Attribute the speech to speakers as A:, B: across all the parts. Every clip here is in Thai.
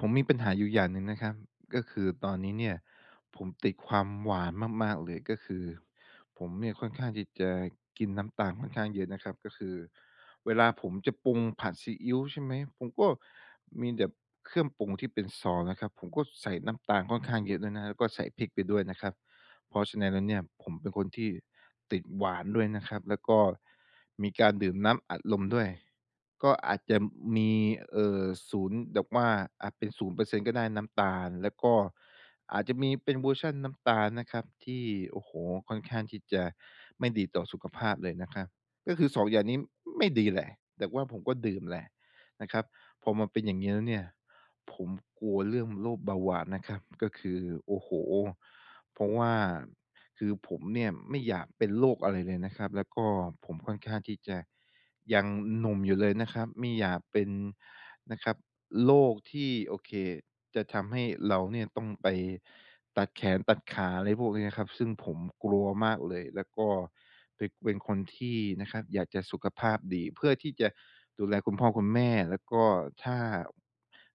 A: ผมมีปัญหาอยู่อย่างหนึ่งนะครับ ก็คือตอนนี้เนี่ยผมติดความหวานมาก ๆ เลย ก็คือผมเนี่ยค่อนข้างที่จะกินน้ำตาลค่อนข้างเยอะนะครับ ก็คือเวลาผมจะปรุงผัดซีอิ๊ว ใช่ไหม ผมก็มีแบบเครื่องปรุงที่เป็นซองนะครับ ผมก็ใส่น้ำตาลค่อนข้างเยอะด้วยนะ แล้วก็ใส่พริกไปด้วยนะครับ เพราะฉะนั้นแล้วเนี่ย ผมเป็นคนที่ติดหวานด้วยนะครับ แล้วก็มีการดื่มน้ำอัดลมด้วย ก็อาจจะมี เออ 0 แบบว่า อาจเป็น 0% ก็ได้ น้ำตาล แล้วก็อาจจะมีเป็นเวอร์ชันน้ำตาลนะครับ ที่ โอ้โฮ ค่อนข้างที่จะไม่ดีต่อสุขภาพเลยนะครับ ก็คือ 2 อย่างนี้ไม่ดีแหละ แต่ว่าผมก็ดื่มแหละนะครับ พอมาเป็นอย่างงี้แล้วเนี่ย ผมกลัวเรื่องโรคเบาหวานนะครับ ก็คือ โอ้โฮ เพราะว่า คือผมเนี่ยไม่อยากเป็นโรคอะไรเลยนะครับ แล้วก็ผมค่อนข้างที่จะยังหนุ่มอยู่เลยนะครับ ไม่อยากเป็นนะครับโรคที่ โอเค จะทำให้เราเนี่ยต้องไปตัดแขนตัดขา อะไรพวกเนี้ยนะครับ ซึ่งผมกลัวมากเลย แล้วก็เป็น เป็นคนที่นะครับอยากจะสุขภาพดี เพื่อที่จะดูแลคุณพ่อคุณแม่ แล้วก็ถ้า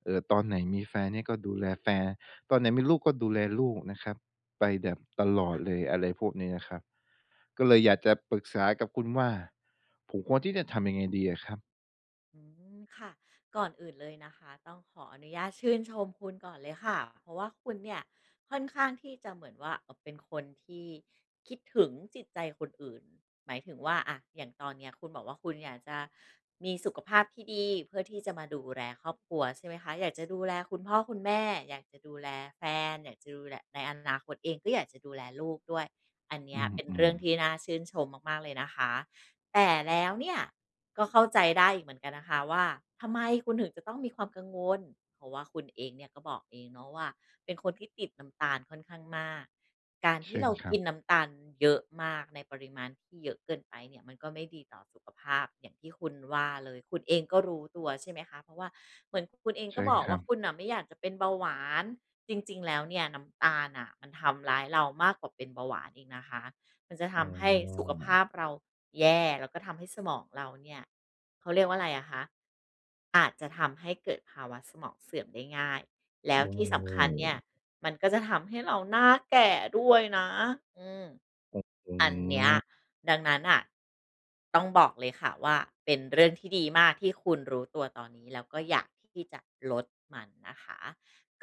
A: เอ่อ ตอนไหนมีแฟนเนี่ยก็ดูแลแฟน ตอนไหนมีลูกก็ดูแลลูกนะครับไปแบบตลอ
B: ค
A: ด
B: ่ะ
A: เลย อะไรพวกนี้นะครับ ก็เลยอยากจะปรึกษากับคุณว่า ผมควรที่จะทำยังไงดีอะครับ?
B: อือ ค่ะ ก่อนอื่นเลยนะคะ ต้องขออนุญาตชื่นชมคุณก่อนเลยค่ะ เพราะว่าคุณเนี่ยค่อนข้างที่จะเหมือนว่า เออ เป็นคนที่คิดถึงจิตใจคนอื่น หมายถึงว่า อะ อย่างตอนเนี้ยคุณบอกว่า คุณอยากจะมีสุขภาพที่ดี เพื่อที่จะมาดูแลครอบครัว ใช่ไหมคะ อยากจะดูแลคุณพ่อคุณแม่ อยากจะดูแลแฟน อยากจะดูแล ในอนาคตเองก็อยากจะดูแลลูกด้วย อันเน
A: อ
B: ี้
A: ื
B: ยเป็นเร
A: ม
B: ื่อง
A: ๆ
B: ที่น่าชื่นชมมาก ๆ เลยนะคะ แต่แล้วเนี่ยก็เข้าใจได้อีกเหมือนกันนะคะว่า ทำไมคุณถึงจะต้องมีความกังวล เพราะว่าคุณเองเนี่ยก็บอกเองเนาะว่า เป็นคนที่ติดน้ำตาลค่อนข้างมาก การท
A: เช
B: ี่
A: ิ
B: เ
A: ญ
B: รา
A: คร
B: ก
A: ับ
B: ินน้ำตาลเยอะมากในปริมาณที่เยอะเกินไปเนี่ย มันก็ไม่ดีต่อสุขภาพอย่างที่คุณว่าเลย คุณเองก็รู้ตัว ใช่ไหมคะ เพราะว่าเหมือนกับคุณเอง
A: ใช
B: ก
A: ่
B: ็บอก
A: ค
B: ว
A: รั
B: ่า
A: บ
B: คุณน่ะไม่อยากจะเป็นเบาหวาน จริง ๆ แล้วเนี่ยน้ำตาลน่ะมันทำร้ายเรามากกว่าเป็นเบาหวานอีกนะคะ มันจะท
A: อ๋
B: ำให้สุขภ
A: อ
B: าพเราแย่ แล้วก็ทำให้สมองเราเนี่ย เขาเรียกว่าไรอะคะ อาจจะทำให้เกิดภาวะสมองเสื่อมได้ง่าย แล้
A: โอ
B: วที่สำคัญเนี่ย
A: ้
B: มันก็จะทำให้ เราหน้าแก่ด้วยนะ อืม
A: ครับ อื
B: อันเนี้ย
A: ม
B: ดังนั้นน่ะ ต้องบอกเลยค่ะว่า เป็นเรื่องที่ดีมากที่คุณรู้ตัวตอนนี้แล้วก็อยากที่จะลดมันนะคะ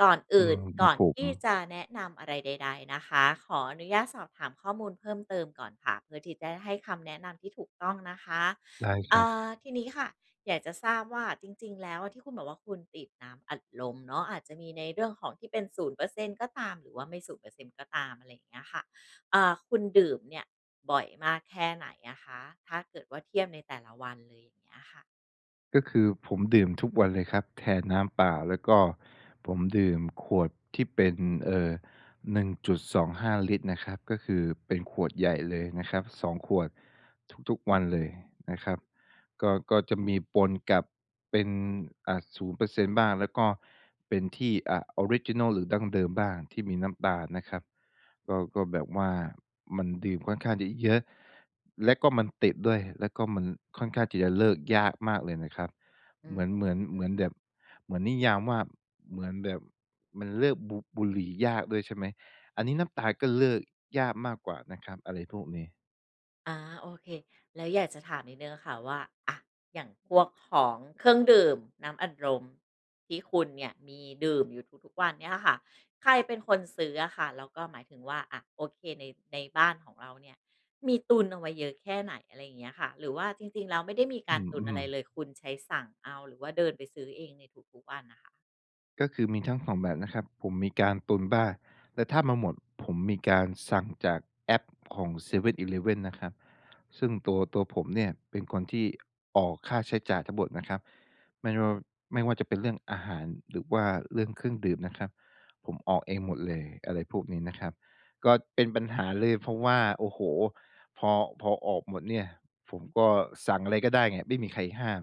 B: ก่อนอ
A: อื
B: ื่
A: ม
B: น
A: ค
B: ก
A: รั
B: ่อ
A: บ
B: น
A: ผ
B: ที่
A: ม
B: จะแนะนำอะไรใด ๆ นะคะ ขออนุญาตสอบถามข้อมูลเพิ่มเติมก่อนค่ะ เพื่อที่จะได้ให้คำแนะนำที่ถูกต้องนะคะ
A: ได้ค
B: เอ
A: รับ
B: อ ทีนี้ค่ะอยากจะทราบว่าจริง ๆ แล้วอะ ที่คุณบอกว่า คุณติดน้ำอัดลมเนาะ อาจจะมีในเรื่องของที่เป็น 0% ก็ตาม หรือว่าไม่ 0% ก็ตาม อะไรอย่างเงี้ยค่ะ อ่า คุณดื่มเนี่ยบ่อยมากแค่ไหนอะคะ? ถ้าเกิดว่าเทียบในแต่ละวันเลย อย่างเงี้ยค่ะ
A: ก็คือผมดื่มทุกวันเลยครับ แทนน้ำเปล่า แล้วก็ผมดื่มขวดที่เป็น เอ่อ 1.25 ลิตรนะครับ ก็คือเป็นขวดใหญ่เลยนะครับ 2 ขวดทุก ๆ วันเลยนะครับ ก็ ก็จะมีปนกับ เป็น อ่า 0% บ้าง แล้วก็เป็น ที่ อ่า ออริจินัลหรือดั้งเดิมบ้าง ที่มีน้ำตาลนะครับ ก็ ก็แบบว่ามันดื่มค่อนข้างจะเยอะ แล้วก็มันติดด้วย แล้วก็มันค่อนข้างที่จะเลิกยากมากเลยนะครับ
B: อื
A: เหมือน เ
B: ม
A: หมือน เหมือนแบบ เหมือนนิยามว่า เหมือนแบบมันเลิกบุ บุหรี่ยากด้วยใช่ไหม อันนี้น้ำตาลก็เลิกยากมากกว่านะครับ อะไรพวกนี้
B: อ่า โอเค แล้วอยากจะถามนิดหนึ่งอะค่ะว่า อะ อย่างพวกของเครื่องดื่ม น้ำอัดลมที่คุณเนี่ยมีดื่มอยู่ทุก ๆ วันเนี่ยค่ะ ใครเป็นคนซื้ออะค่ะ แล้วก็ หมายถึงว่า อะ โอเค ใน ในบ้านของเราเนี่ยมีตุนเอาไว้เยอะแค่ไหน? อะไรอย่างเงี้ยค่ะ หรือว่าจริง ๆ แล้วไม่ได้มีก
A: อื
B: ารตุนอะ
A: ม
B: ไร
A: ๆ
B: เลย คุณใช้สั่งเอาหรือว่าเดินไปซื้อเองในทุก ๆ วันน่ะค่ะ
A: ก็คือ มีทั้ง 2 แบบนะครับ ผมมีการตุนบ้าง แต่ถ้ามันหมด ผมมีการสั่งจากแอปของ 7-Eleven นะครับ ซึ่งตัว ตัวผมเนี่ยเป็นคนที่ ออกค่าใช้จ่ายทั้งหมดนะครับ ไม่ว่า ไม่ว่าจะเป็นเรื่องอาหารหรือว่าเรื่องเครื่องดื่มนะครับ ผมออกเองหมดเลย อะไรพวกนี้นะครับ ก็เป็นปัญหาเลย เพราะว่า โอ้โฮ พอ พอออกหมดเนี่ยผมก็สั่งอะไรก็ได้ไง ไม่มีใครห้าม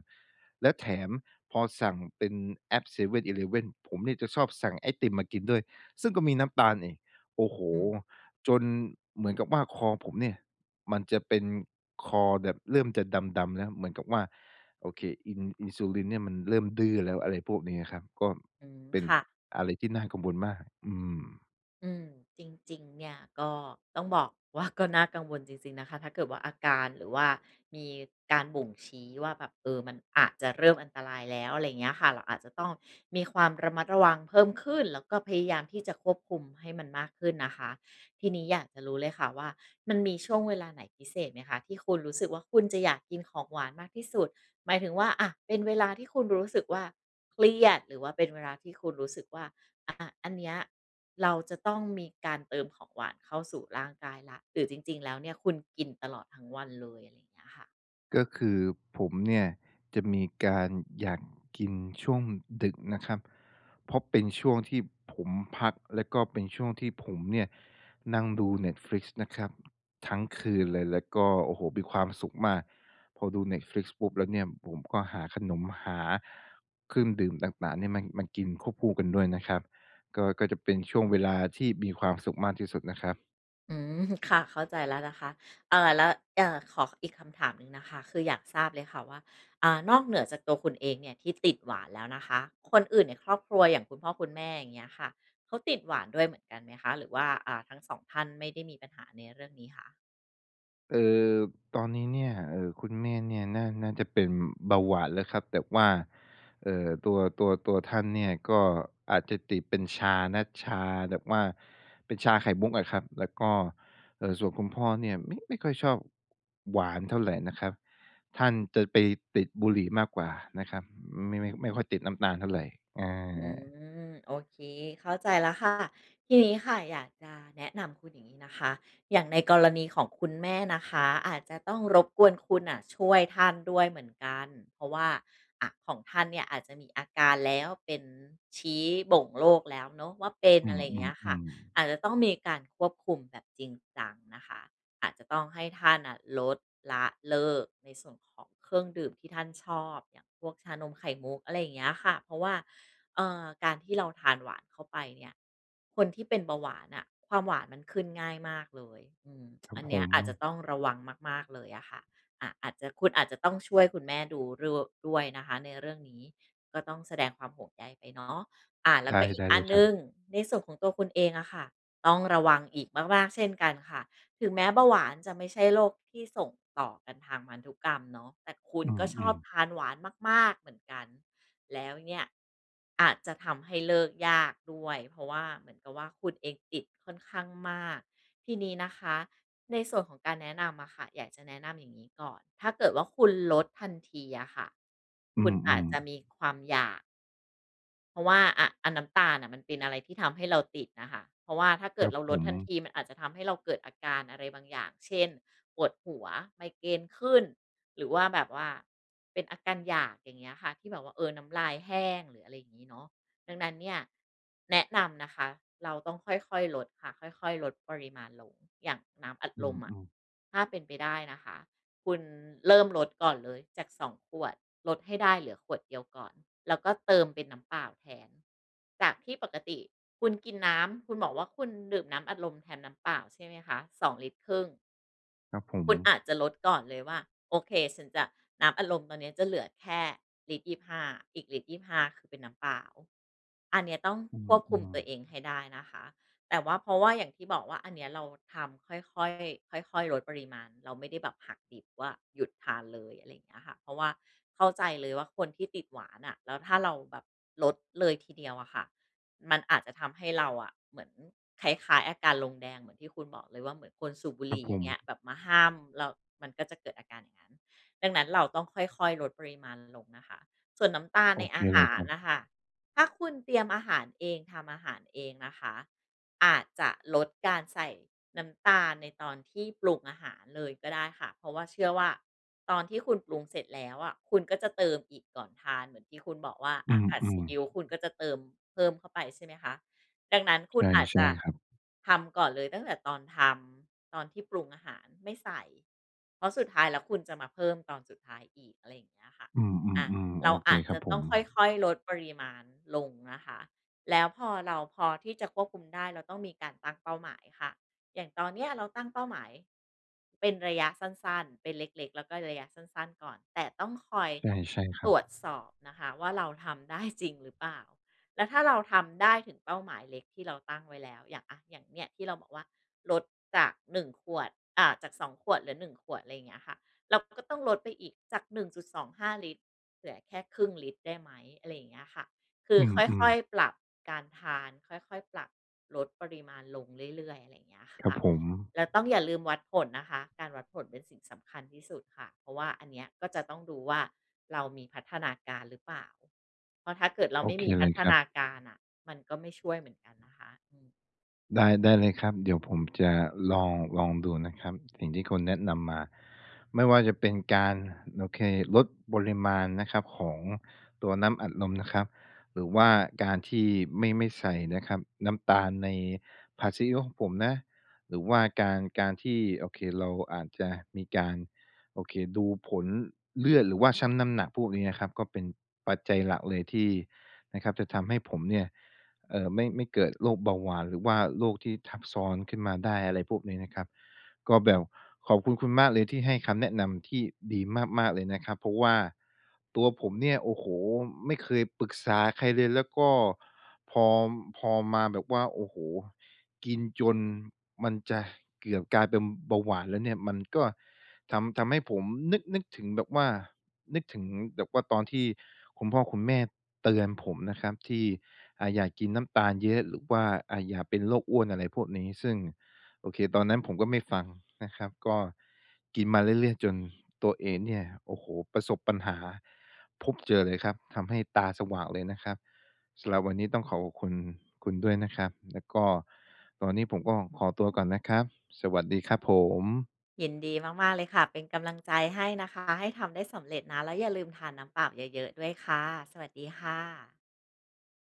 A: แล้วแถมพอสั่งเป็นแอป 7-Eleven ผมเนี่ยจะชอบสั่งไอติมมากินด้วย ซึ่งก็มีนน้ำตาลอีก โอ้โฮ
B: อืม
A: จนเหมือนกับว่า คอผมเนี่ยมันจะเป็น คอแบบเริ่มจะดำ ๆ แล้ว เหมือนกับว่า โอเค อิน อินซูลินเนี่ยมันเริ่มดื้อแล้ว อะไรพวกนี้ครับ ก็
B: อืม
A: เป็น
B: ค่ะ
A: อะไรที่น่ากังวลมาก อืม
B: อืม จริง ๆ เนี่ยก็ต้องบอกว่า ก็น่ากังวลจริง ๆ นะคะ ถ้าเกิดว่า อาการหรือว่ามีการบ่งชี้ว่าแบบ เออ มันอาจจะเริ่มอันตรายแล้ว อะไรเงี้ยค่ะ เราอาจจะต้องมีความระมัดระวังเพิ่มขึ้น แล้วก็พยายามที่จะควบคุมให้มันมากขึ้นนะคะ ทีนี้อยากจะรู้เลยค่ะว่า มันมีช่วงเวลาไหนพิเศษไหมคะ ที่คุณรู้สึกว่า คุณจะอยากกินของหวานมากที่สุด? หมายถึงว่า อะ เป็นเวลาที่คุณรู้สึกว่า เครียด หรือว่าเป็นเวลาที่คุณรู้สึกว่า อา อันเนี้ยเราจะต้องมีการเติมของหวานเข้าสู่ร่างกายแล้ว หรือจริง ๆ แล้วเนี่ยคุณกินตลอดทั้งวันเลย? เงี้ยค่ะ
A: ก็คือผมเนี่ยจะมีการอยากกินช่วงดึกนะครับ เพราะเป็นช่วงที่ผมพักแล้วก็เป็นช่วงที่ผมเนี่ยนั่งดู Netflix นะครับทั้งคืนเลย แล้วก็ โอ้โฮ! มีความสุขมาก พอดู Netflix ปุ๊บแล้วเนี่ยผมก็หาขนม หาเครื่องดื่มต่าง ๆ เนี่ยมา มากินควบคู่กันด้วยนะครับ ก็ ก็จะเป็นช่วงเวลาที่มีความสุขมากที่สุดนะครับ
B: อืม ค่ะ เข้าใจแล้วนะคะ เอ่อ แล้ว เอ่อ ขออีกคำถามหนึ่งนะคะคืออยากทราบเลยค่ะว่า อ่า นอกเหนือจากตัวคุณเองเนี่ยที่ติดหวานแล้วนะคะ คนอื่นในครอบครัวอย่างคุณพ่อคุณแม่ อย่างเงี้ยค่ะ เขาติดหวานด้วยเหมือนกันไหมคะ? หรือว่า อ่า ทั้ง 2 ท่านไม่ได้มีปัญหาในเรื่องนี้คะ?
A: เออ ตอนนี้เนี่ย เอ่อ คุณแม่เนี่ยน่า น่าจะเป็นเบาหวานแล้วครับ แบบว่า เอ่อ ตัว ตัว ตัวท่านเนี่ยก็อาจจะติดเป็นชานะ ชาแบบว่า เป็นชาไข่มุกอะครับ แล้วก็ เอ่อ ส่วนคุณพ่อเนี่ยไม่ ไม่ค่อยชอบหวานเท่าไรนะครับ ท่านจะไปติดบุหรี่มากกว่านะครับ ไม่ ไม่ ไม่ค่อยติดน้ำตาลเท่าไร อ
B: อื
A: า
B: ม โอเค เข้าใจแล้วค่ะ ทีนี้ค่ะอยากจะแนะนำคุณอย่างงี้นะคะ อย่างในกรณีของคุณแม่นะคะอาจจะต้องรบกวนคุณน่ะช่วยท่านด้วยเหมือนกัน เพราะว่า อะ ของท่านเนี่ยอาจจะมีอาการแล้ว เป็นชี้บ่งโรคแล้วเนาะว่า เป็น
A: อื
B: อะไรอย่างเงี้ยค่ะ
A: อ ๆ ๆ
B: อาจจะต้องมีการควบคุมแบบจริงจังนะคะ อาจจะต้องให้ท่านอะลด ละ เลิก ในส่วนของเครื่องดื่มที่ท่านชอบ อย่างพวกชานมไข่มุก อะไรอย่างเงี้ยค่ะ เพราะว่า เอ่อ การที่เรา ทานหวานเข้าไปเนี่ย คนที่เป็นเบาหวานน่ะความหวานมันขึ้นง่ายมากเลย อืม
A: ครั
B: อ
A: บ
B: ันเ
A: ผ
B: นี้ยอาจจะ
A: ม
B: ต้องระวังมาก ๆ เลยอะค่ะ อะ อาจจะ คุณอาจจะต้องช่วยคุณแม่ดูรู่ ด้วยนะคะในเรื่องนี้ ก็ต้องแสดงความห่วงใยไปเนาะ อา แล
A: ไ
B: ้
A: ด
B: วก
A: ้
B: ็อี
A: ได
B: ก
A: ้
B: อ
A: เ
B: ั
A: ล
B: น
A: ย
B: ห
A: ค
B: น
A: รั
B: ึ่
A: บ
B: งในส่วนของตัวคุณเองอะค่ะ ต้องระวังอีกมาก ๆ เช่นกันค่ะ ถึงแม้เบาหวานจะไม่ใช่โรคที่ส่งต่อกันทางพันธุกรรมเนาะ แต่คุณ
A: อื
B: ก็ชอ
A: ม
B: บ
A: ๆ
B: ทานหวานมาก ๆ เหมือนกัน แล้วเนี่ยอาจจะทำให้เลิกยากด้วย เพราะว่าเหมือนกับว่า คุณเองติดค่อนข้างมาก ทีนี้นะคะในส่วนของการแนะนำอะค่ะ อยากจะแนะนำอย่างนี้ก่อน ถ้าเกิดว่า คุณลดทันทีอะค่ะ
A: อื
B: คุณอาจ
A: ม
B: จะ
A: ๆ
B: มีความอยาก เพราะว่า อะ อะ น้ำตาลน่ะมันเป็นอะไรที่ทำให้เราติดน่ะค่ะ เพราะว่าถ้าเ
A: ค
B: ก
A: ร
B: ิด
A: ับ
B: เรา
A: ผ
B: ลดทัน
A: ม
B: ทีมันอาจจะทำให้เราเกิดอาการอะไรบางอย่าง เช่น ปวดหัว ไมเกรนขึ้น หรือว่าแบบว่าเป็นอาการอยาก อย่างเงี้ยค่ะ ที่แบบว่า เออ น้ำลายแห้ง หรืออะไรอย่างงี้เนาะ ดังนั้นเนี่ย แนะนำนะคะเราต้อง ค่อย ๆ ลดค่ะ ค่อย ๆ ลดปริมาณลง อย่างน้ำอัด
A: อื
B: ลมอะ
A: ม ๆ
B: ถ้าเป็นไปได้นะคะคุณเริ่มลดก่อนเลยจาก 2 ขวด ลดให้ได้เหลือขวดเดียวก่อน แล้วก็เติมเป็นน้ำเปล่าแทน จากที่ปกติคุณกินน้ำ คุณบอกว่า คุณดื่มน้ำอัดลมแทนน้ำเปล่าใช่มไหมคะ 2 ลิตรครึ่ง
A: ครับผ
B: คุณ
A: ม
B: อาจจะลดก่อนเลยว่า "โอเค ฉันจะ น้ำอัดลมตอนเนี้ยจะเหลือแค่ลิตร 25 อีกลิตร 25 คือเป็นน้ำเปล่า อันเนี้ยต้อง
A: อื
B: ควบคุมต
A: อ
B: ัว
A: ๆ
B: เองให้ได้นะคะ แต่ว่า เพราะว่าอย่างที่บอกว่า อันเนี้ยเราทำค่อย ๆ ค่อย ๆ ลดปริมาณ เราไม่ได้แบบหักดิบว่า หยุดทานเลย อะไรอย่างเงี้ยค่ะ เพราะว่าเข้าใจเลยว่า คนที่ติดหวานน่ะ แล้วถ้าเราแบบลดเลยทีเดียวอะค่ะมันอาจจะทำให้เราอะเหมือนคล้าย ๆ อาการลงแดง เหมือนที่คุณบอกเลยว่า เหมือนคนสูบบุ
A: ค
B: ห
A: ร
B: ร
A: ับ
B: ี่
A: ผ
B: อย่าง
A: ม
B: เงี้ย แบบมาห้ามเรา มันก็จะเกิดอาการอย่างงั้น ดังนั้น เราต้องค่อย ๆ ลดปริมาณลงนะคะ ส่วนน้ำตาล
A: โ
B: ใ
A: อ
B: น
A: เค
B: อาห
A: เลย
B: า
A: ค
B: ร
A: รับ
B: น่ะค่ะ ถ้าคุณเตรียมอาหารเอง ทำอาหารเองนะคะ อาจจะลดการใส่น้ำตาลในตอนที่ปรุงอาหารเลยก็ได้ค่ะ เพราะว่าเชื่อว่า ตอนที่คุณปรุงเสร็จแล้วอะคุณก็จะเติมอีกก่อนทาน เหมือนที่คุณ บอกว่า
A: อ
B: อ
A: ื
B: ะ ผัดซี
A: ม
B: อิ
A: ๆ
B: ๊ว คุณก็จะเติมเพิ่มเข้าไปใช่ไหมคะ ดังนั้น คุณอาจ
A: ใช
B: จ
A: ่
B: ะ
A: ๆ ครับ
B: ทำก่อนเลยตั้งแต่ตอนทำ ตอนที่ปรุงอาหาร ไม่ใส่ เพราะสุดท้ายแล้วคุณจะมาเพิ่มตอนสุดท้ายอีก อะไรอย่างเงี้ยค่ะ
A: อื
B: อา
A: ม ๆ ๆ
B: เ
A: โ
B: ร
A: อ
B: า
A: เ
B: อ
A: ค
B: าจ
A: คร
B: จ
A: ั
B: ะ
A: บผ
B: ต้อ
A: ม
B: งค่อย ๆ ลดปริมาณลงนะคะ แล้วพอเราพอที่จะควบคุมได้เราต้องมีการตั้งเป้าหมายค่ะ อย่างตอนเนี้ยเราตั้งเป้าหมาย เป็นระยะสั้น ๆ เป็นเล็ก ๆ แล้วก็ระยะสั้น ๆ ก่อน แต่ต้องคอย
A: ใช่ ใช่คร
B: ต
A: ั
B: ร
A: บ
B: วจสอบนะคะว่า เราทำได้จริงหรือเปล่า? แล้วถ้าเราทำได้ถึงเป้าหมายเล็กที่เราตั้งไว้แล้ว อย่าง อะ อย่างเงี้ยที่เราบอกว่า ลดจาก 1 ขวด อ่า จาก 2 ขวดเหลือ 1 ขวด ไรอย่างเงี้ยค่ะ เราก็ต้องลดไปอีกจาก 1.25 ลิตร เหลือแค่ 0.5 ลิตรได้ไหม? อะไรอย่างเงี้ยค่ะ คื
A: อ
B: อ
A: ื
B: ค
A: ม
B: ่อย
A: ๆ
B: ๆ ปรับการทาน ค่อย ๆ ปรับลดปริมาณลงเรื่อย ๆ อะไรอย่างเงี้ย
A: คร
B: ค
A: ับ
B: ่ะ
A: ผม
B: แล้วต้องอย่าลืมวัดผลนะคะ การวัดผลเป็นสิ่งสำคัญที่สุดค่ะ เพราะว่าอันเนี้ยก็จะต้องดูว่า เรามีพัฒนาการหรือเปล่า? เพราะถ้าเกิดเรา
A: โอ
B: ไม่
A: เค
B: มีพ
A: เล
B: ั
A: ย
B: ฒ
A: ครั
B: น
A: บ
B: าการน่ะมันก็ไม่ช่วยเหมือนกันนะคะ อือ
A: ได้ ได้เลยครับ เดี๋ยวผมจะลอง ลองดูนะครับ สิ่งที่คุณแนะนำมาไม่ว่าจะเป็นการ โอเค ลดปริมาณนะครับของตัวน้ำอัดลมนะครับ หรือว่าการที่ไม่ ไม่ใส่นะครับน้ำตาลในผัดซีอิ๊วของผมนะ หรือว่าการ การที่ โอเค เราอาจจะมีการ โอเค ดูผลเลือดหรือว่าชั่งน้ำหนัก พวกนี้นะครับก็เป็นปัจจัยหลักเลยที่นะครับจะทำให้ผมเนี่ย เอ่อ ไม่ ไม่เกิดโรคเบาหวานหรือว่าโรคที่ทับซ้อนขึ้นมาได้ อะไรพวกนี้นะครับ ก็แบบขอบคุณคุณมากเลยที่ให้คำแนะนำที่ดีมาก ๆ เลยนะครับ เพราะว่าตัวผมเนี่ย โอ้โฮ ไม่เคยปรึกษาใครเลย แล้วก็พอ พอมาแบบว่า โอ้โฮ กินจนมันจะเกือบกลายเป็นเบาหวานแล้วเนี่ย มันก็ทำ ทำให้ผมนึก นึกถึงแบบว่า นึกถึงแบบว่าตอนที่คุณพ่อคุณแม่เตือนผมนะครับที่ อ่า อย่ากินน้ำตาลเยอะ หรือว่า อ่า อย่าเป็นโรคอ้วน อะไรพวกนี้ ซึ่ง โอเค ตอนนั้นผมก็ไม่ฟังนะครับ ก็กินมาเรื่อย ๆ จนตัวเองเนี่ย โอ้โฮ ประสบปัญหา พบเจอเลยครับ ทำให้ตาสว่างเลยนะครับ สำหรับวันนี้ต้องขอขอบคุณคุณด้วยนะครับ แล้วก็ตอนนี้ผมก็ขอตัวก่อนนะครับ สวัสดีครับผม
B: ยินดีมาก ๆ เลยค่ะ เป็น กำลังใจให้นะคะ ให้ทำได้สำเร็จนะ แล้วอย่าลืมทานน้ำเปล่าเยอะ ๆ ด้วยค่ะ สวัสดีค่ะ